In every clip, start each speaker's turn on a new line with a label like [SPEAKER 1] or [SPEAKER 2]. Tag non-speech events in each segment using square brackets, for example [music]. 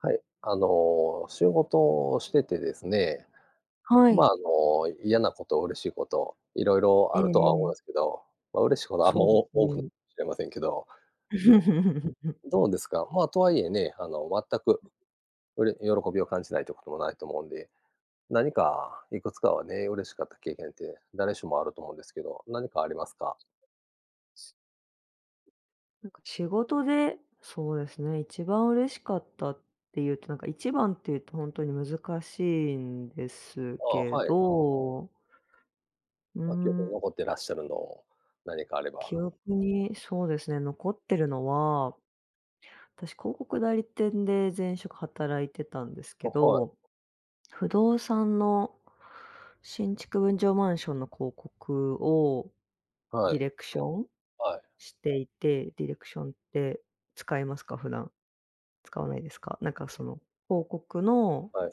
[SPEAKER 1] はい、あの、仕事をしててですね。
[SPEAKER 2] は
[SPEAKER 1] ま、
[SPEAKER 2] い。
[SPEAKER 1] あの、嫌なこと、嬉しいこと、いろいろ
[SPEAKER 2] え
[SPEAKER 1] あ
[SPEAKER 2] え
[SPEAKER 1] るとは思う
[SPEAKER 2] ええ。
[SPEAKER 1] んすけど、ま、嬉しことあんま、
[SPEAKER 2] そうで
[SPEAKER 1] お多ふ
[SPEAKER 2] ね。
[SPEAKER 1] しれませんけど。
[SPEAKER 2] [laughs]
[SPEAKER 1] うん、どうですか、まあ、とはいえね、あの、わったく、うれ喜びを感じないっていうこともないと思うんで、何かいくつかはね、嬉しかった経験って誰しもあると思うんですけど、何かありますか？
[SPEAKER 2] [unintelligible] すなんか仕事で、そうですね、一番嬉しかったっていうと、なんか1番っていうとほんとに難しいんです
[SPEAKER 1] ああ、
[SPEAKER 2] け
[SPEAKER 1] はい。
[SPEAKER 2] ど。う
[SPEAKER 1] ま、記憶
[SPEAKER 2] ー
[SPEAKER 1] に
[SPEAKER 2] ん。
[SPEAKER 1] 残ってらっしゃるの、何かあれ
[SPEAKER 2] 記
[SPEAKER 1] ば。
[SPEAKER 2] 憶に、そうですね、残ってるのは、たし広告代理店で前職働いてたんですけ
[SPEAKER 1] あ、はい。
[SPEAKER 2] ど、不動産の新築分譲マンションの広告を
[SPEAKER 1] は
[SPEAKER 2] ディ
[SPEAKER 1] い。
[SPEAKER 2] レクション
[SPEAKER 1] はい。
[SPEAKER 2] していて、ディレクションって使いますか？普段。使わないですか？なんかその広告の
[SPEAKER 1] はい。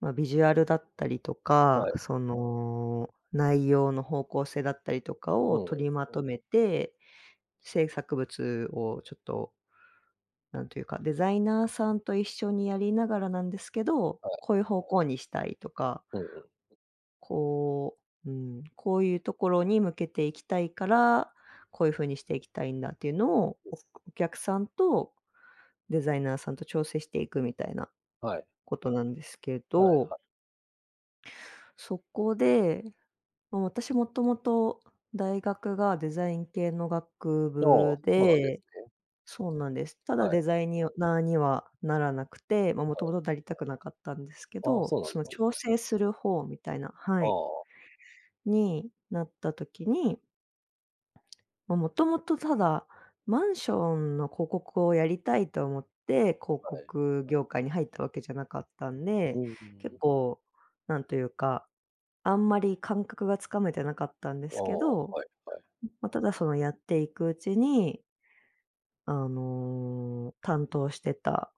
[SPEAKER 2] まあ、ビジュアルだったりとか、
[SPEAKER 1] はい。
[SPEAKER 2] その、内容の方向性だったりとか
[SPEAKER 1] う
[SPEAKER 2] を
[SPEAKER 1] んうん。
[SPEAKER 2] 取りまとめて、制作物をちょっと、なんというか、デザイナーさんと一緒にやりながらなんですけど、
[SPEAKER 1] はい。
[SPEAKER 2] こういう方向にしたいとか、う
[SPEAKER 1] うんうん。
[SPEAKER 2] こう、うーん、こういうところに向けていきたいから、こういう風にしていきたいんだっていうのを、
[SPEAKER 1] うん。
[SPEAKER 2] おくお客さんと、デザイナーさんと調整していくみたいな
[SPEAKER 1] はい。
[SPEAKER 2] ことなんですけ
[SPEAKER 1] はい、
[SPEAKER 2] ど
[SPEAKER 1] は
[SPEAKER 2] そこで、もう私元々、大学がデザイン系の学
[SPEAKER 1] ああ、
[SPEAKER 2] 部
[SPEAKER 1] そうなんで
[SPEAKER 2] で
[SPEAKER 1] すね。
[SPEAKER 2] そうなんです。ただ
[SPEAKER 1] は
[SPEAKER 2] デ
[SPEAKER 1] い。
[SPEAKER 2] ザイにをナーにはならなくて、まあ、
[SPEAKER 1] あ、は
[SPEAKER 2] 元
[SPEAKER 1] い。
[SPEAKER 2] 々なりたくなかったんですけ
[SPEAKER 1] ああ、
[SPEAKER 2] ど、
[SPEAKER 1] そうなん
[SPEAKER 2] そ
[SPEAKER 1] で
[SPEAKER 2] の、
[SPEAKER 1] すね。
[SPEAKER 2] 調整する方みたいなは
[SPEAKER 1] あ
[SPEAKER 2] い。
[SPEAKER 1] あ。
[SPEAKER 2] になった時にま、元々ただ、マンションの広告をやりたいと思って広
[SPEAKER 1] はい。
[SPEAKER 2] 告業界に入ったわけじゃなかったん
[SPEAKER 1] う
[SPEAKER 2] で、
[SPEAKER 1] ん、うー
[SPEAKER 2] 結
[SPEAKER 1] ん。
[SPEAKER 2] 構なんというか、あんまり感覚が掴めてなかったんで
[SPEAKER 1] ああ、
[SPEAKER 2] すけど、
[SPEAKER 1] はいはい。
[SPEAKER 2] ん、ま、ただそのやっていくうちにあの、担当してた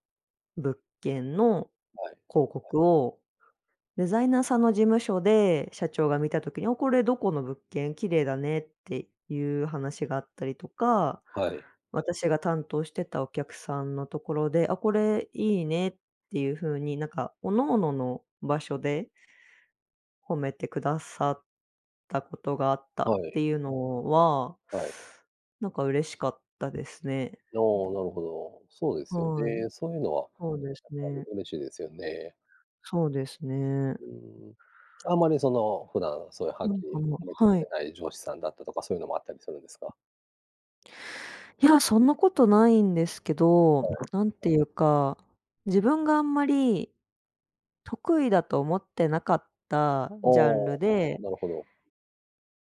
[SPEAKER 2] 物件の
[SPEAKER 1] はい。
[SPEAKER 2] 広告をデザイナーさんの事務所で社長が見た時に「あっ、これどこの物件？綺麗だね」っていう話があったりとか、
[SPEAKER 1] はい。
[SPEAKER 2] 私が担当してたお客さんのところで「あ、これいいね」っていう風になんか各々の場所で褒めてくださったことがあった
[SPEAKER 1] は
[SPEAKER 2] って
[SPEAKER 1] い。
[SPEAKER 2] いうのは
[SPEAKER 1] はい。
[SPEAKER 2] なんか嬉しかったですね。うん。
[SPEAKER 1] のう、なるほど。そうですよ
[SPEAKER 2] はい、
[SPEAKER 1] ね、そういうのは、
[SPEAKER 2] ほうです
[SPEAKER 1] やっぱり
[SPEAKER 2] ね。
[SPEAKER 1] 嬉しいですよね。
[SPEAKER 2] そうですね。うん。
[SPEAKER 1] うーん。あまりその、普段そういうはっ
[SPEAKER 2] なん
[SPEAKER 1] きり
[SPEAKER 2] かも
[SPEAKER 1] 褒め
[SPEAKER 2] う
[SPEAKER 1] てく
[SPEAKER 2] はい。
[SPEAKER 1] れない上司さんだったとか、そういうのもあったりするんですか？
[SPEAKER 2] いや、そんなことないんですけど、
[SPEAKER 1] はい。
[SPEAKER 2] なんていうか、自分があんまり得意だと思ってなかった、あ、
[SPEAKER 1] ああ、
[SPEAKER 2] ん、ジャンルで
[SPEAKER 1] あ、なるほど。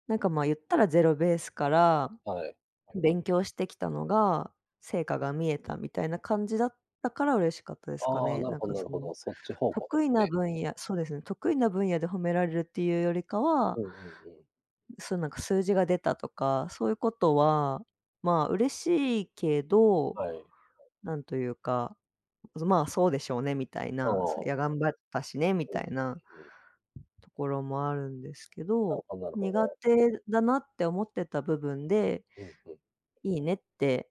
[SPEAKER 2] なんか、ま、言ったらゼロベースから、
[SPEAKER 1] はい。
[SPEAKER 2] ふ勉強してきたのが、成果が見えたみたいな感じだったから嬉しかったですか
[SPEAKER 1] ああ、
[SPEAKER 2] ね。
[SPEAKER 1] なる
[SPEAKER 2] なん
[SPEAKER 1] ほ
[SPEAKER 2] か
[SPEAKER 1] ん、な
[SPEAKER 2] そ
[SPEAKER 1] るほ
[SPEAKER 2] の、
[SPEAKER 1] ど。そっち方向で
[SPEAKER 2] 得意
[SPEAKER 1] す
[SPEAKER 2] な
[SPEAKER 1] ね。
[SPEAKER 2] 分野、そうですね、得意な分野で褒められるっていうよりか
[SPEAKER 1] う
[SPEAKER 2] は
[SPEAKER 1] んうんうん。
[SPEAKER 2] うん、すなんか、数字が出たとか、そういうことはまあ、嬉しいけど、
[SPEAKER 1] はい。
[SPEAKER 2] なんというか、うずまあ、そうでしょうねみたい
[SPEAKER 1] あ
[SPEAKER 2] な、そや
[SPEAKER 1] あ。
[SPEAKER 2] 頑張ったしね、み
[SPEAKER 1] おん
[SPEAKER 2] た
[SPEAKER 1] ね、
[SPEAKER 2] いな、
[SPEAKER 1] うん。
[SPEAKER 2] ところもあるんですけ
[SPEAKER 1] なる
[SPEAKER 2] ど、
[SPEAKER 1] ほなるほ
[SPEAKER 2] 苦
[SPEAKER 1] ど。
[SPEAKER 2] 手だなって思ってた部分で
[SPEAKER 1] うん、ふん。
[SPEAKER 2] いいねって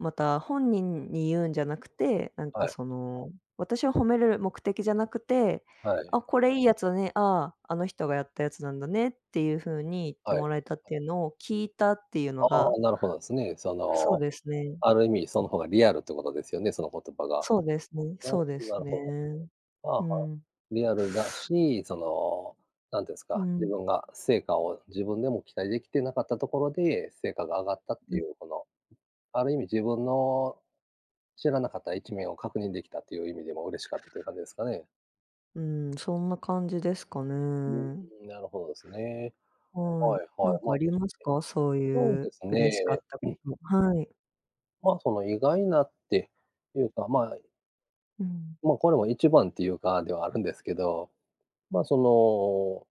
[SPEAKER 2] また、本人に言うんじゃなくて、なんか
[SPEAKER 1] はい。
[SPEAKER 2] その、私を褒めれる目的じゃなくて
[SPEAKER 1] はい。
[SPEAKER 2] 「あ、これいいやつだね、ああ、あの人がやったやつなんだね」っていう風に言って
[SPEAKER 1] はい。
[SPEAKER 2] もらえたっていうのを聞いたっていうの
[SPEAKER 1] あ
[SPEAKER 2] が
[SPEAKER 1] あ、なるほどすね。そ
[SPEAKER 2] そう
[SPEAKER 1] の、
[SPEAKER 2] ですね。
[SPEAKER 1] あ
[SPEAKER 2] う
[SPEAKER 1] る意味そ
[SPEAKER 2] ん。
[SPEAKER 1] の方がリアルってことですよね、その言葉が。
[SPEAKER 2] そうですね
[SPEAKER 1] な
[SPEAKER 2] そ
[SPEAKER 1] る
[SPEAKER 2] うで
[SPEAKER 1] う
[SPEAKER 2] す
[SPEAKER 1] なる
[SPEAKER 2] ね、
[SPEAKER 1] ほど。はあ
[SPEAKER 2] う
[SPEAKER 1] はあ。
[SPEAKER 2] ん。
[SPEAKER 1] リアルだし、その、なんていうんす
[SPEAKER 2] う
[SPEAKER 1] か、自
[SPEAKER 2] ん。
[SPEAKER 1] 分が成果を自分でも期待できてなかったところで、成果が上がったって
[SPEAKER 2] う
[SPEAKER 1] い
[SPEAKER 2] ん。
[SPEAKER 1] うこの、ある意味自分の知らなかった一面を確認できたという意味でも嬉しかったという感じですかね？
[SPEAKER 2] うん、そんな感じですか
[SPEAKER 1] う
[SPEAKER 2] ね。
[SPEAKER 1] ーん、なるほどですね。
[SPEAKER 2] はい、
[SPEAKER 1] はいは
[SPEAKER 2] 何
[SPEAKER 1] い。
[SPEAKER 2] か
[SPEAKER 1] ま、
[SPEAKER 2] あ
[SPEAKER 1] 確か
[SPEAKER 2] りますか？そう
[SPEAKER 1] [unintelligible] そう
[SPEAKER 2] い
[SPEAKER 1] で
[SPEAKER 2] う
[SPEAKER 1] す
[SPEAKER 2] 嬉しかっ
[SPEAKER 1] ね。
[SPEAKER 2] たこ
[SPEAKER 1] [clears throat]
[SPEAKER 2] とはい。
[SPEAKER 1] ま、その、意外なってい
[SPEAKER 2] う。
[SPEAKER 1] うか、ま
[SPEAKER 2] うん。
[SPEAKER 1] ま、これも一番っていうか、ではあるんですけど、ま、そ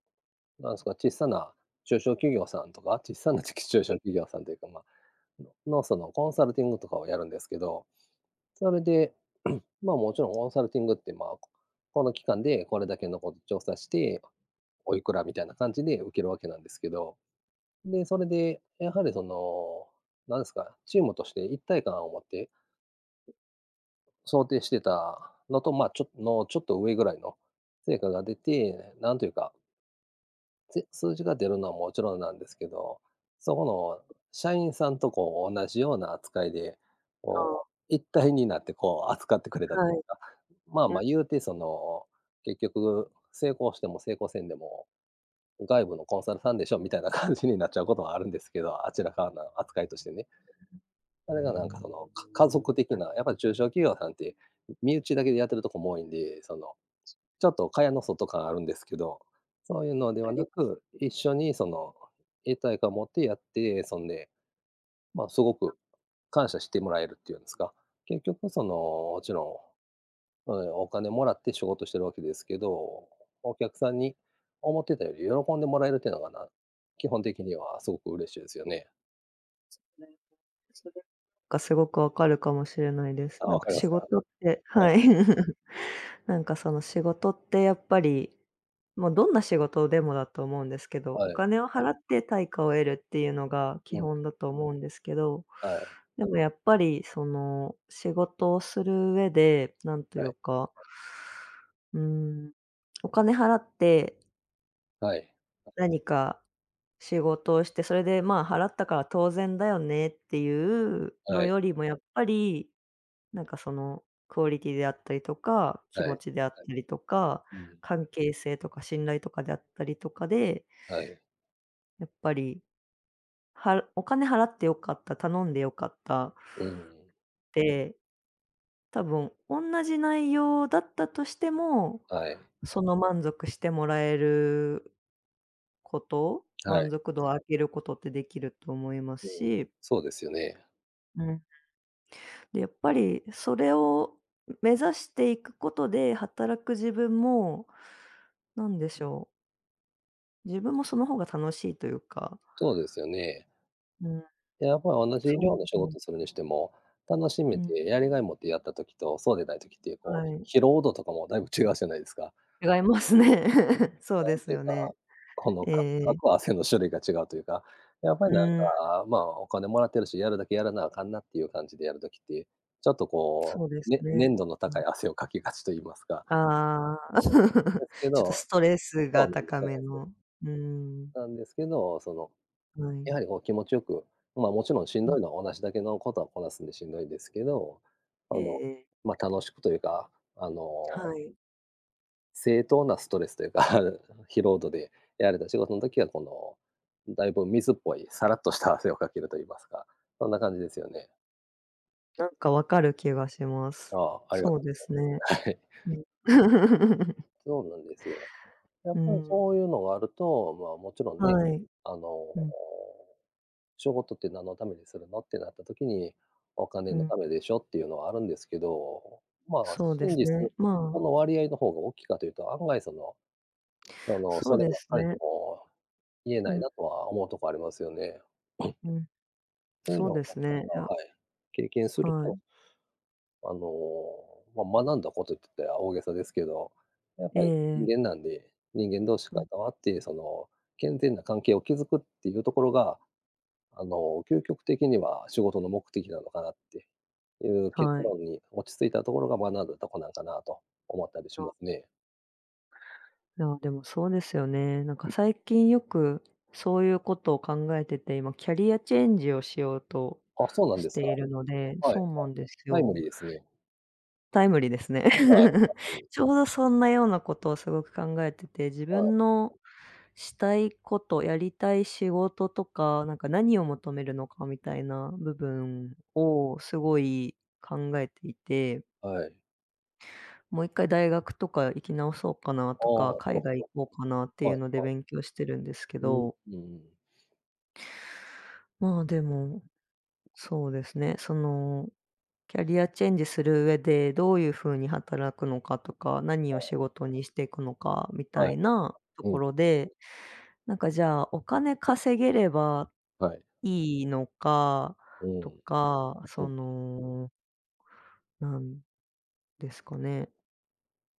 [SPEAKER 1] の、なんすか、ちっさな、中小企業さんとか、ちっさな、ちき中小
[SPEAKER 2] はい。
[SPEAKER 1] 企業さんというか、ま、の、そのコンサルティングとかをやるんですけど、それで、[clears throat] まあ、もちろんコンサルティングって、ま、この期間でこれだけのこと調査して、おいくらみたいな感じで受けるわけなんですけど。で、それで、やはりその、なんすか、チームとして一体感を持って
[SPEAKER 2] う。
[SPEAKER 1] 想定してたのと、ま、ちょっとのちょっと上ぐらいの成果が出て、なんというかぜ数字が出るのはもちろんなんですけど、そこの
[SPEAKER 2] う。
[SPEAKER 1] 社員さんとこう、おんなじような扱いで、
[SPEAKER 2] あ
[SPEAKER 1] こ
[SPEAKER 2] あ。
[SPEAKER 1] う一体になってこう扱ってくれたと
[SPEAKER 2] は
[SPEAKER 1] いうん
[SPEAKER 2] い。
[SPEAKER 1] すか。まあ
[SPEAKER 2] うん。
[SPEAKER 1] まあ言うてその、結局成功しても成功せんでも、外部のコンサルさんでしょみたいな感じになっちゃうこともあるんですけど、あちらからの扱いとしてね。
[SPEAKER 2] [unintelligible]
[SPEAKER 1] それがなんかその、
[SPEAKER 2] [unintelligible]
[SPEAKER 1] か家族的な、やっぱり中小企業さんって、身内だけでやってるとこも多いんで、その、ちょっと蚊帳の外感あるんですけど、そういうので
[SPEAKER 2] あ
[SPEAKER 1] は
[SPEAKER 2] り
[SPEAKER 1] な
[SPEAKER 2] ます。
[SPEAKER 1] く、一緒にその、一体感を持ってやって、そんで、ま、すご
[SPEAKER 2] うん。
[SPEAKER 1] く感謝してもらえるっていうんすか。結局そのもちろん、え、お金もらって仕事してるわけですけど、お客さんに、思ってたより喜んでもらえるっていうのがな、基本
[SPEAKER 2] [unintelligible]
[SPEAKER 1] 的にはすごく嬉しいですよね。
[SPEAKER 2] なんか、それ、か、すごくわかるかもしれないです。
[SPEAKER 1] ああ、
[SPEAKER 2] なん
[SPEAKER 1] 分
[SPEAKER 2] か
[SPEAKER 1] かりま
[SPEAKER 2] 仕
[SPEAKER 1] すか。
[SPEAKER 2] 事って
[SPEAKER 1] はい。
[SPEAKER 2] はい。[chuckles] なんかその仕事って、やっぱり、ま、どんな仕事でもだと思うんですけど、お
[SPEAKER 1] はい。
[SPEAKER 2] 金を払って対価を得るっていうのが基
[SPEAKER 1] うん。
[SPEAKER 2] 本だと思うんですけど、
[SPEAKER 1] はい。
[SPEAKER 2] でもやっぱり、その、仕事をするうえで、なんとい
[SPEAKER 1] は
[SPEAKER 2] う
[SPEAKER 1] い。
[SPEAKER 2] かうん、お金払って
[SPEAKER 1] はい。
[SPEAKER 2] 何か仕事をして、それで、まあ払ったから当然だよねっていう
[SPEAKER 1] は
[SPEAKER 2] の
[SPEAKER 1] い。
[SPEAKER 2] よりもやっぱり、なんかその、クオリティであったりとか、気
[SPEAKER 1] は
[SPEAKER 2] 持
[SPEAKER 1] い。
[SPEAKER 2] ちであったりとか、
[SPEAKER 1] うん。
[SPEAKER 2] 関係性とか信頼とかであったりとかで
[SPEAKER 1] はい。
[SPEAKER 2] やっぱり、はお金払ってよかった、頼んでよかった
[SPEAKER 1] うんうん。
[SPEAKER 2] で、多分、おんなじ内容だったとしても、
[SPEAKER 1] はい。
[SPEAKER 2] その、満足してもらえること、
[SPEAKER 1] はい。
[SPEAKER 2] 満足度を上げることってできると思います
[SPEAKER 1] うん、
[SPEAKER 2] し。
[SPEAKER 1] そうですよね。
[SPEAKER 2] うん。で、やっぱり、それを目指していくことで働く自分も、なんでしょう自分もその方が楽しいというか。
[SPEAKER 1] そうですよね。
[SPEAKER 2] うん。
[SPEAKER 1] で、やっぱ同じ
[SPEAKER 2] そう
[SPEAKER 1] 量の仕
[SPEAKER 2] う。
[SPEAKER 1] 事するにしても、楽し
[SPEAKER 2] う
[SPEAKER 1] めて
[SPEAKER 2] ん。
[SPEAKER 1] やりがいを持ってやった時とそうでない時って
[SPEAKER 2] は
[SPEAKER 1] こ
[SPEAKER 2] い。
[SPEAKER 1] う、疲労度とかもだいぶ違うじゃないですか。
[SPEAKER 2] 違いますね。そう
[SPEAKER 1] な
[SPEAKER 2] で
[SPEAKER 1] ん
[SPEAKER 2] す
[SPEAKER 1] ていう
[SPEAKER 2] よ
[SPEAKER 1] か、
[SPEAKER 2] ね。
[SPEAKER 1] この、
[SPEAKER 2] ええ
[SPEAKER 1] か
[SPEAKER 2] え
[SPEAKER 1] か
[SPEAKER 2] え。
[SPEAKER 1] く汗の種類が違うというか、やっぱ
[SPEAKER 2] う
[SPEAKER 1] りなん
[SPEAKER 2] ーん。
[SPEAKER 1] か、まあ、お金貰ってるし、やるだけやらなあかんなっていう感じでやる時って、ちょっとこ
[SPEAKER 2] そうで
[SPEAKER 1] う
[SPEAKER 2] す
[SPEAKER 1] ね、
[SPEAKER 2] ね。
[SPEAKER 1] 粘度の
[SPEAKER 2] う
[SPEAKER 1] 高
[SPEAKER 2] ん。
[SPEAKER 1] い汗をかきがちと言いますか。
[SPEAKER 2] ああ。
[SPEAKER 1] で
[SPEAKER 2] [chuckles]
[SPEAKER 1] すけ
[SPEAKER 2] ちょっと
[SPEAKER 1] ど
[SPEAKER 2] ストレス
[SPEAKER 1] そ
[SPEAKER 2] が
[SPEAKER 1] うなんです。
[SPEAKER 2] 高
[SPEAKER 1] そう
[SPEAKER 2] め
[SPEAKER 1] です。
[SPEAKER 2] の。うーん。
[SPEAKER 1] なんですけど、その、
[SPEAKER 2] は
[SPEAKER 1] や
[SPEAKER 2] い。
[SPEAKER 1] はりこう気持ちよく、ま、もちろんしん
[SPEAKER 2] ん。
[SPEAKER 1] どいのは同じだけのことをこなすんでしんどいんですけど、
[SPEAKER 2] え
[SPEAKER 1] あ
[SPEAKER 2] え
[SPEAKER 1] の、
[SPEAKER 2] ええ。
[SPEAKER 1] ま、楽しくというか、あの
[SPEAKER 2] はい。
[SPEAKER 1] 正当なストレスというか、疲労度でやれた仕事の時はこの、だいぶ水っぽいさらっとした汗をかけるといいますか、そんな感じですよね。
[SPEAKER 2] なんかわかる気がします。
[SPEAKER 1] ああ、ありがと
[SPEAKER 2] そうで
[SPEAKER 1] う
[SPEAKER 2] す
[SPEAKER 1] ご
[SPEAKER 2] ね、
[SPEAKER 1] ざいます。はい。
[SPEAKER 2] うん。[chuckles]
[SPEAKER 1] そうなんですよ。や
[SPEAKER 2] う
[SPEAKER 1] っ
[SPEAKER 2] ー
[SPEAKER 1] ぱり
[SPEAKER 2] ん。
[SPEAKER 1] そういうのがあると、まあもちろんね、
[SPEAKER 2] はい、
[SPEAKER 1] あの、
[SPEAKER 2] うん。
[SPEAKER 1] 仕事って何のためにするのってなった時に、お金
[SPEAKER 2] う
[SPEAKER 1] の
[SPEAKER 2] ん。
[SPEAKER 1] ためでしょっていうのはあるんですけど、まあ
[SPEAKER 2] そうで
[SPEAKER 1] 真
[SPEAKER 2] す
[SPEAKER 1] 実、
[SPEAKER 2] ね、ま
[SPEAKER 1] そ
[SPEAKER 2] あ
[SPEAKER 1] の割合の方が大きいかというと案外その、あの、
[SPEAKER 2] そ
[SPEAKER 1] そ
[SPEAKER 2] う
[SPEAKER 1] れ
[SPEAKER 2] で
[SPEAKER 1] ばっ
[SPEAKER 2] す
[SPEAKER 1] かり
[SPEAKER 2] ね。
[SPEAKER 1] とも言え
[SPEAKER 2] う
[SPEAKER 1] ない
[SPEAKER 2] ん。
[SPEAKER 1] なとは思うとこありますよね。[clears throat]
[SPEAKER 2] うん、
[SPEAKER 1] そういう
[SPEAKER 2] そう
[SPEAKER 1] のを、
[SPEAKER 2] で
[SPEAKER 1] なん
[SPEAKER 2] す
[SPEAKER 1] か、
[SPEAKER 2] ね、
[SPEAKER 1] ま、
[SPEAKER 2] や
[SPEAKER 1] はい、経験する
[SPEAKER 2] は
[SPEAKER 1] と
[SPEAKER 2] い。
[SPEAKER 1] あの、ま、学んだこ
[SPEAKER 2] [unintelligible]
[SPEAKER 1] とゆってった大げさですけど、やっ
[SPEAKER 2] え
[SPEAKER 1] ぱ
[SPEAKER 2] え
[SPEAKER 1] り
[SPEAKER 2] ええ。
[SPEAKER 1] 人間なんで、人間同士
[SPEAKER 2] う
[SPEAKER 1] 関
[SPEAKER 2] ん。
[SPEAKER 1] わってその、健全な関係を築くっていうところが、あの究極的には仕事の目的なのかなっていう結
[SPEAKER 2] はい。
[SPEAKER 1] 論に落ち着いたところが学んだとこなんかなと思ったりし
[SPEAKER 2] そ
[SPEAKER 1] ま
[SPEAKER 2] う。
[SPEAKER 1] すね。
[SPEAKER 2] あ、でもそうですよね、なんか最近よくそういうことを考えてて、今キャリアチェンジをしようと
[SPEAKER 1] あ、そうなん
[SPEAKER 2] し
[SPEAKER 1] です
[SPEAKER 2] て
[SPEAKER 1] か。
[SPEAKER 2] いるので。
[SPEAKER 1] はい
[SPEAKER 2] そ
[SPEAKER 1] は
[SPEAKER 2] うな
[SPEAKER 1] い。
[SPEAKER 2] んです
[SPEAKER 1] タイム
[SPEAKER 2] よ。
[SPEAKER 1] リーですね。
[SPEAKER 2] タイムリーですね。
[SPEAKER 1] はい、あ、
[SPEAKER 2] [chuckles]
[SPEAKER 1] はい。
[SPEAKER 2] ちょうどそんなようなことをすごく考えてて、自
[SPEAKER 1] はい。
[SPEAKER 2] 分のしたいこと、やりたい仕事とか、なんか何を求めるのかみたいな部分をすごい考えていて。
[SPEAKER 1] はい。
[SPEAKER 2] もう一回大学とか行き直そうかな
[SPEAKER 1] ああ、
[SPEAKER 2] とか、
[SPEAKER 1] な
[SPEAKER 2] 海
[SPEAKER 1] る
[SPEAKER 2] 外
[SPEAKER 1] ほ
[SPEAKER 2] 行こうかなって
[SPEAKER 1] ど。
[SPEAKER 2] い
[SPEAKER 1] は
[SPEAKER 2] う
[SPEAKER 1] い
[SPEAKER 2] ので
[SPEAKER 1] はい。
[SPEAKER 2] 勉強してるんですけ
[SPEAKER 1] うーん。
[SPEAKER 2] ど。
[SPEAKER 1] うんうん。
[SPEAKER 2] まあでも、そうですね、そのキャリアチェンジする上でどういう風に働くのかとか、何
[SPEAKER 1] あ
[SPEAKER 2] を
[SPEAKER 1] あ。
[SPEAKER 2] 仕事にしていくのかみた
[SPEAKER 1] はい。
[SPEAKER 2] いなと
[SPEAKER 1] う
[SPEAKER 2] こ
[SPEAKER 1] ん。
[SPEAKER 2] ろで、なんかじゃあ、お金稼げれば
[SPEAKER 1] はい。
[SPEAKER 2] いいのか
[SPEAKER 1] う
[SPEAKER 2] と
[SPEAKER 1] ん。
[SPEAKER 2] か、
[SPEAKER 1] う
[SPEAKER 2] そ
[SPEAKER 1] ん。
[SPEAKER 2] のなんですかね。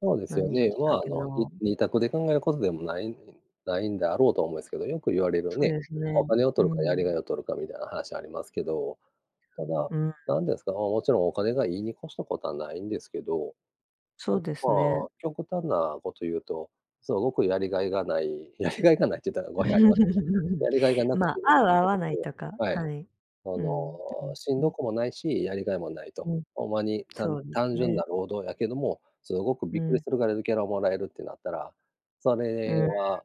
[SPEAKER 1] そうですよ
[SPEAKER 2] 何言おう
[SPEAKER 1] ね。
[SPEAKER 2] とし
[SPEAKER 1] ま
[SPEAKER 2] たっ
[SPEAKER 1] ああ
[SPEAKER 2] け
[SPEAKER 1] の、に
[SPEAKER 2] の
[SPEAKER 1] 2択で考えることでも、ないねんないんであろうとは思うすけど、よく言われる
[SPEAKER 2] そう
[SPEAKER 1] ね、
[SPEAKER 2] です
[SPEAKER 1] お
[SPEAKER 2] ね、
[SPEAKER 1] 金を
[SPEAKER 2] う
[SPEAKER 1] 取るかやり
[SPEAKER 2] ん。
[SPEAKER 1] がいを取るかみたいな話ありますけど。ただ、
[SPEAKER 2] うん。
[SPEAKER 1] なんですか、まあ、もちろんお金がいいに越したことはないんですけど。た
[SPEAKER 2] そ
[SPEAKER 1] だ
[SPEAKER 2] うで
[SPEAKER 1] ま
[SPEAKER 2] す
[SPEAKER 1] あ、
[SPEAKER 2] ね。
[SPEAKER 1] 極端なこと言うと、すごくやりがいがない、やりがいがないっちゅったら語弊ありますけど、や
[SPEAKER 2] [chuckles]
[SPEAKER 1] りがいがなく
[SPEAKER 2] ま、
[SPEAKER 1] て
[SPEAKER 2] 合う合
[SPEAKER 1] 家
[SPEAKER 2] わな
[SPEAKER 1] 族
[SPEAKER 2] いとか。
[SPEAKER 1] やはい。
[SPEAKER 2] はい。
[SPEAKER 1] あ
[SPEAKER 2] う
[SPEAKER 1] の、
[SPEAKER 2] ん、[unintelligible]
[SPEAKER 1] しんど
[SPEAKER 2] ね。
[SPEAKER 1] くもないし、やりがいもないと。
[SPEAKER 2] うん。
[SPEAKER 1] ほんまに、たん
[SPEAKER 2] そうです
[SPEAKER 1] 単純
[SPEAKER 2] ね。
[SPEAKER 1] な労働やけども、すごく
[SPEAKER 2] う
[SPEAKER 1] びっくり
[SPEAKER 2] ん。
[SPEAKER 1] するぐらいのギャラもらえるってなったら、そ
[SPEAKER 2] う
[SPEAKER 1] れ
[SPEAKER 2] ん。
[SPEAKER 1] は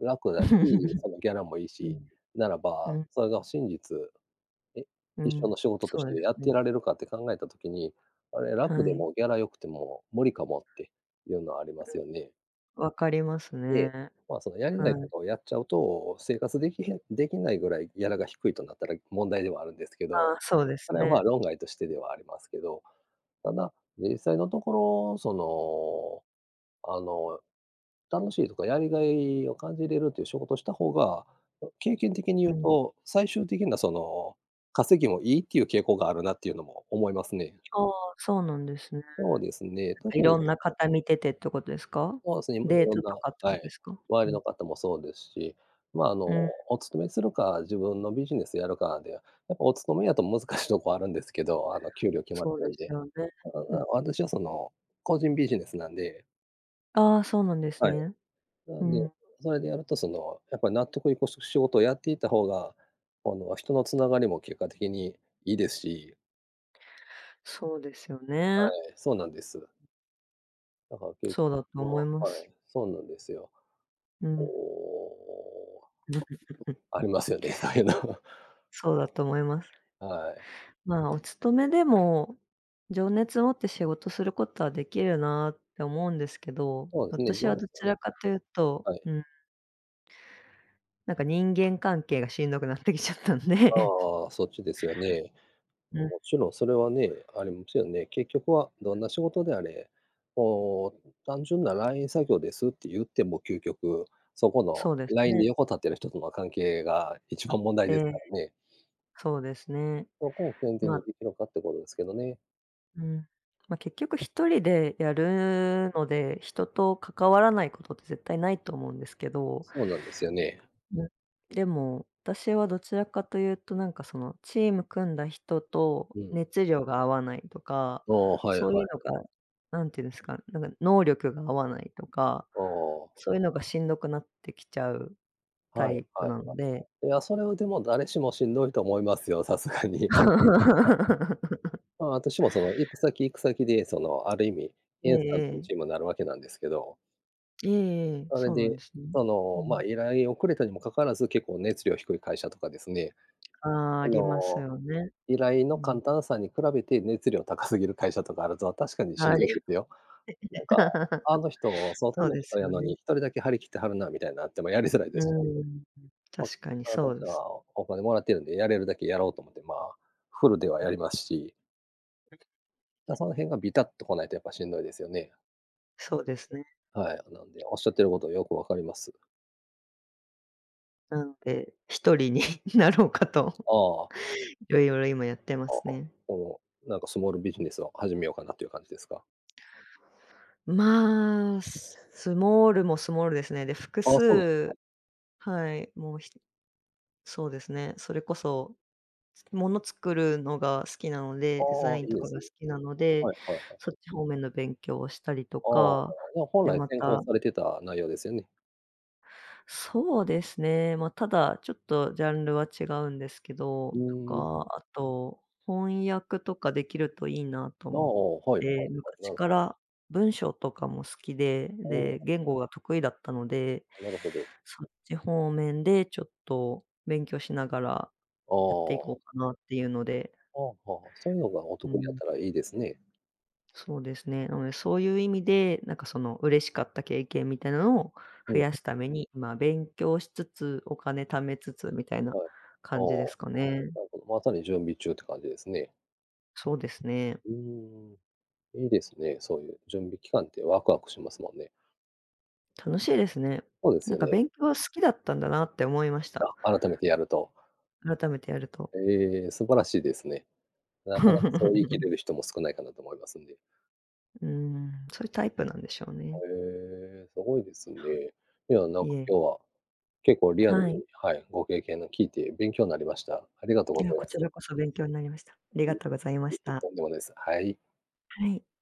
[SPEAKER 1] 楽だし、
[SPEAKER 2] [chuckles]
[SPEAKER 1] そのギャラもいい
[SPEAKER 2] う
[SPEAKER 1] し、
[SPEAKER 2] ん。
[SPEAKER 1] なら
[SPEAKER 2] う
[SPEAKER 1] ば、
[SPEAKER 2] ん。
[SPEAKER 1] それが真実、え
[SPEAKER 2] う
[SPEAKER 1] 一生
[SPEAKER 2] ん、
[SPEAKER 1] の仕事と
[SPEAKER 2] そ
[SPEAKER 1] し
[SPEAKER 2] うで
[SPEAKER 1] て
[SPEAKER 2] す
[SPEAKER 1] やって
[SPEAKER 2] ね。
[SPEAKER 1] られるかって考えた時に「あれ、楽
[SPEAKER 2] は
[SPEAKER 1] で
[SPEAKER 2] い。
[SPEAKER 1] もギャラ良くても無理かも」っていうのはありますよ
[SPEAKER 2] う
[SPEAKER 1] ね？
[SPEAKER 2] ん。わかります
[SPEAKER 1] で、
[SPEAKER 2] ね。
[SPEAKER 1] まあ、そのやりない
[SPEAKER 2] は
[SPEAKER 1] こ
[SPEAKER 2] い。
[SPEAKER 1] とをやっちゃうと、生活できへんできないぐらいギャラが低いとなったら問題ではあるんですけ
[SPEAKER 2] あ
[SPEAKER 1] ど、
[SPEAKER 2] あ、そうです
[SPEAKER 1] あれはまあ
[SPEAKER 2] ね。
[SPEAKER 1] 論外としてではありますけど。ただ、実際のところ、その、あの、楽しいとかやりがいを感じれるっていう仕事した方が、経験的に
[SPEAKER 2] う
[SPEAKER 1] 言う
[SPEAKER 2] ん。
[SPEAKER 1] と、最終的なその、稼ぎもいいっていう傾向があるなっていうのも思いますね。
[SPEAKER 2] ああ、そうなんですね。なん
[SPEAKER 1] そうですね、
[SPEAKER 2] か、
[SPEAKER 1] 特
[SPEAKER 2] い
[SPEAKER 1] に。
[SPEAKER 2] ろんな方見ててってことですか？
[SPEAKER 1] そうですね、まあい
[SPEAKER 2] デー
[SPEAKER 1] ろん
[SPEAKER 2] ト
[SPEAKER 1] な
[SPEAKER 2] とかってこ
[SPEAKER 1] は
[SPEAKER 2] とで
[SPEAKER 1] い。
[SPEAKER 2] すか？
[SPEAKER 1] 周
[SPEAKER 2] う
[SPEAKER 1] り
[SPEAKER 2] ん。
[SPEAKER 1] の方もそうですし、ま、あ
[SPEAKER 2] う
[SPEAKER 1] の、
[SPEAKER 2] ん。
[SPEAKER 1] お勤めするか、自分のビジネスやるかで、やっぱお勤めやと難しいとこあるんですけど、あの給料決まっ
[SPEAKER 2] そう
[SPEAKER 1] て
[SPEAKER 2] で
[SPEAKER 1] るん
[SPEAKER 2] す
[SPEAKER 1] で。
[SPEAKER 2] よね、
[SPEAKER 1] ただ
[SPEAKER 2] う
[SPEAKER 1] ま
[SPEAKER 2] ん。
[SPEAKER 1] あ、私はその、個人ビジネスなんで。
[SPEAKER 2] ああ、そうなんです
[SPEAKER 1] はい。
[SPEAKER 2] ね。
[SPEAKER 1] な
[SPEAKER 2] う
[SPEAKER 1] んで、
[SPEAKER 2] ん。
[SPEAKER 1] それでやると、その、やっぱり納得いく仕事をやっていた方が、あの、人の繋がりも結果的にいいですし
[SPEAKER 2] そうですよ
[SPEAKER 1] は
[SPEAKER 2] ね。
[SPEAKER 1] い、そうなんです。だから結
[SPEAKER 2] そうだと思い
[SPEAKER 1] 局、
[SPEAKER 2] ま
[SPEAKER 1] はい、
[SPEAKER 2] す。
[SPEAKER 1] そうなんですよ。
[SPEAKER 2] う
[SPEAKER 1] お
[SPEAKER 2] ん。
[SPEAKER 1] お。
[SPEAKER 2] [laughs]
[SPEAKER 1] ありますよね、[unintelligible]
[SPEAKER 2] そうだと思います。
[SPEAKER 1] はい。
[SPEAKER 2] ま、お勤めでも、情熱を持って仕事することはできるなって思うんですけど、
[SPEAKER 1] そうですね、[unintelligible]
[SPEAKER 2] 私
[SPEAKER 1] よ
[SPEAKER 2] はどち
[SPEAKER 1] ね。
[SPEAKER 2] らかというと
[SPEAKER 1] はい。
[SPEAKER 2] うん。なんか人間関係がしんどくなってきちゃったん
[SPEAKER 1] あ
[SPEAKER 2] で
[SPEAKER 1] あああ。そっちですよね。
[SPEAKER 2] うん。
[SPEAKER 1] もちろんそれはね、あれもちろんね、結局はどんな仕事であれ、こう、単純なライン作業ですって言っても究極、そこの、
[SPEAKER 2] そうです
[SPEAKER 1] ラインで
[SPEAKER 2] ね。
[SPEAKER 1] 横立ってる人との関係が一番問題
[SPEAKER 2] え
[SPEAKER 1] です
[SPEAKER 2] え。
[SPEAKER 1] からね。
[SPEAKER 2] そうですね。
[SPEAKER 1] そこを健全に
[SPEAKER 2] ま
[SPEAKER 1] できるかってことですけどね。
[SPEAKER 2] うん。まあ、結局1人でやるので、人と関わらないことって絶対ないと思うんですけど
[SPEAKER 1] そうなんですよね。
[SPEAKER 2] うん、でも、私はどちらかというと、なんかそのチーム組んだ人と
[SPEAKER 1] うん。
[SPEAKER 2] 熱量が合わないとか、
[SPEAKER 1] ああああ。はい
[SPEAKER 2] そう
[SPEAKER 1] は
[SPEAKER 2] い
[SPEAKER 1] い。
[SPEAKER 2] うのが、なんて言うんですか、なんか能力が合わないとか、
[SPEAKER 1] ああ。
[SPEAKER 2] そういうのがしんどくなってきちゃうタ
[SPEAKER 1] はい
[SPEAKER 2] イプ
[SPEAKER 1] はい
[SPEAKER 2] なの
[SPEAKER 1] は
[SPEAKER 2] で
[SPEAKER 1] い。いや、それはでも誰しもしんどいと思いますよ、さすがに。[unintelligible]
[SPEAKER 2] [laughs]
[SPEAKER 1] まあ、私もその、行く先行く先でその、ある意味、
[SPEAKER 2] ええ
[SPEAKER 1] インスタントの
[SPEAKER 2] ええ。
[SPEAKER 1] チームになるわけなんですけど
[SPEAKER 2] ええええ。
[SPEAKER 1] それ
[SPEAKER 2] そうなん
[SPEAKER 1] で、
[SPEAKER 2] ですね。
[SPEAKER 1] そ
[SPEAKER 2] う
[SPEAKER 1] の、ま、
[SPEAKER 2] ん。
[SPEAKER 1] 依頼をくれたにもかかわらず、結構熱量低い会社とかですね。
[SPEAKER 2] ああ、あ
[SPEAKER 1] あ
[SPEAKER 2] ります
[SPEAKER 1] の、
[SPEAKER 2] よね。
[SPEAKER 1] 依頼の
[SPEAKER 2] うん。
[SPEAKER 1] 簡単さに比べて熱量高すぎる会社とかあると、確かにしん
[SPEAKER 2] は
[SPEAKER 1] どいで
[SPEAKER 2] [unintelligible]
[SPEAKER 1] すよ。なんか「あ
[SPEAKER 2] [laughs]
[SPEAKER 1] の人、外
[SPEAKER 2] そう
[SPEAKER 1] の
[SPEAKER 2] で
[SPEAKER 1] 人
[SPEAKER 2] す
[SPEAKER 1] や
[SPEAKER 2] よ
[SPEAKER 1] のに、
[SPEAKER 2] ね。
[SPEAKER 1] 一人だけ張り切ってはるな」みたいになってもやりづらい
[SPEAKER 2] う
[SPEAKER 1] ですし。
[SPEAKER 2] ーん。
[SPEAKER 1] ま、
[SPEAKER 2] 確かに
[SPEAKER 1] まあ、こ
[SPEAKER 2] そ
[SPEAKER 1] っ
[SPEAKER 2] う
[SPEAKER 1] ち
[SPEAKER 2] です。
[SPEAKER 1] はお金もらってるんで、やれるだけやろうと思ってまあ、フルではやりますし。ま、その辺がびたっとこないとやっぱしんどいですよね。
[SPEAKER 2] そうですね。
[SPEAKER 1] はい。なんで、おっしゃってることよく分かります。
[SPEAKER 2] なので、一人になろうかと、
[SPEAKER 1] ああ。
[SPEAKER 2] いろいろ今やってま
[SPEAKER 1] ああ。は
[SPEAKER 2] すね。
[SPEAKER 1] あ。もう、なんかスモールビジネスを始めようかなっていう感じですか？
[SPEAKER 2] まあ、すスモールもスモールですね。で、複
[SPEAKER 1] ああ、そうなんですか。
[SPEAKER 2] 数はい。もうひそうですね、それこそ、物作るのが好きなので、デザ
[SPEAKER 1] ああ、
[SPEAKER 2] イン
[SPEAKER 1] いい
[SPEAKER 2] と
[SPEAKER 1] で
[SPEAKER 2] かが
[SPEAKER 1] すね。
[SPEAKER 2] 好きなので、
[SPEAKER 1] はいはいはい。
[SPEAKER 2] そっち方面の勉強をしたりと
[SPEAKER 1] ああ、
[SPEAKER 2] か、
[SPEAKER 1] じゃあ、本
[SPEAKER 2] で
[SPEAKER 1] 来
[SPEAKER 2] ま
[SPEAKER 1] 専攻
[SPEAKER 2] た
[SPEAKER 1] されてた内容ですよね。
[SPEAKER 2] そうですね、ま、ただちょっとジャンルは違うんですけど、
[SPEAKER 1] う
[SPEAKER 2] と
[SPEAKER 1] ーん。
[SPEAKER 2] か、あと、翻訳とかできるといいなと
[SPEAKER 1] な、
[SPEAKER 2] 思っ
[SPEAKER 1] おお、はいはい
[SPEAKER 2] て、なん
[SPEAKER 1] は
[SPEAKER 2] か
[SPEAKER 1] い、
[SPEAKER 2] ち
[SPEAKER 1] なるほ
[SPEAKER 2] から文章とかも好きで、
[SPEAKER 1] お
[SPEAKER 2] で、
[SPEAKER 1] お。
[SPEAKER 2] 言語が得意だったので
[SPEAKER 1] あ、なるほど。
[SPEAKER 2] そっち方面でちょっと勉強しながら、
[SPEAKER 1] あ
[SPEAKER 2] やってい
[SPEAKER 1] あ。
[SPEAKER 2] こうかなっていうので。
[SPEAKER 1] ああ、はあ、そういうのがお
[SPEAKER 2] う
[SPEAKER 1] 得意やっ
[SPEAKER 2] ん。
[SPEAKER 1] たらいいですね。
[SPEAKER 2] そうですね、うん、そういう意味で、なんかその嬉しかった経験みたいなのを
[SPEAKER 1] お
[SPEAKER 2] 増
[SPEAKER 1] お。
[SPEAKER 2] やすために、ま、勉強しつつ、お金貯めつつみたいな
[SPEAKER 1] はい。ああ。
[SPEAKER 2] 感じですかね。
[SPEAKER 1] なるほど、まさに準備中って感じですね。
[SPEAKER 2] そうですね。
[SPEAKER 1] うーん。いいですね、そういう準備期間ってわくわくしますもんね。
[SPEAKER 2] 楽しいですね。
[SPEAKER 1] ほうです
[SPEAKER 2] なん
[SPEAKER 1] よ
[SPEAKER 2] か
[SPEAKER 1] ね。
[SPEAKER 2] 勉強は好きだったんだなって思いました。
[SPEAKER 1] あ、改めてやると。
[SPEAKER 2] 改めてやると。
[SPEAKER 1] ええ、素晴らしいですね。なかなかそう言い切
[SPEAKER 2] [laughs]
[SPEAKER 1] れる人も少ないかなと思いますんで。
[SPEAKER 2] うーん、そういうタイプなんでしょう
[SPEAKER 1] は、
[SPEAKER 2] ね。
[SPEAKER 1] ええ、どごいです
[SPEAKER 2] は
[SPEAKER 1] ね。いや、な
[SPEAKER 2] い。
[SPEAKER 1] ん
[SPEAKER 2] いい
[SPEAKER 1] か
[SPEAKER 2] え。
[SPEAKER 1] 今日は、結構リアルに
[SPEAKER 2] はい。
[SPEAKER 1] はい、ご経験の聞いて勉強なりました。ありがとう
[SPEAKER 2] い
[SPEAKER 1] ご
[SPEAKER 2] や、
[SPEAKER 1] ざい
[SPEAKER 2] こ
[SPEAKER 1] ま
[SPEAKER 2] ち
[SPEAKER 1] す。
[SPEAKER 2] らこそ勉強なりました。ありがとうございまし
[SPEAKER 1] [unintelligible]
[SPEAKER 2] た。
[SPEAKER 1] とんでもないす。はい。
[SPEAKER 2] はい。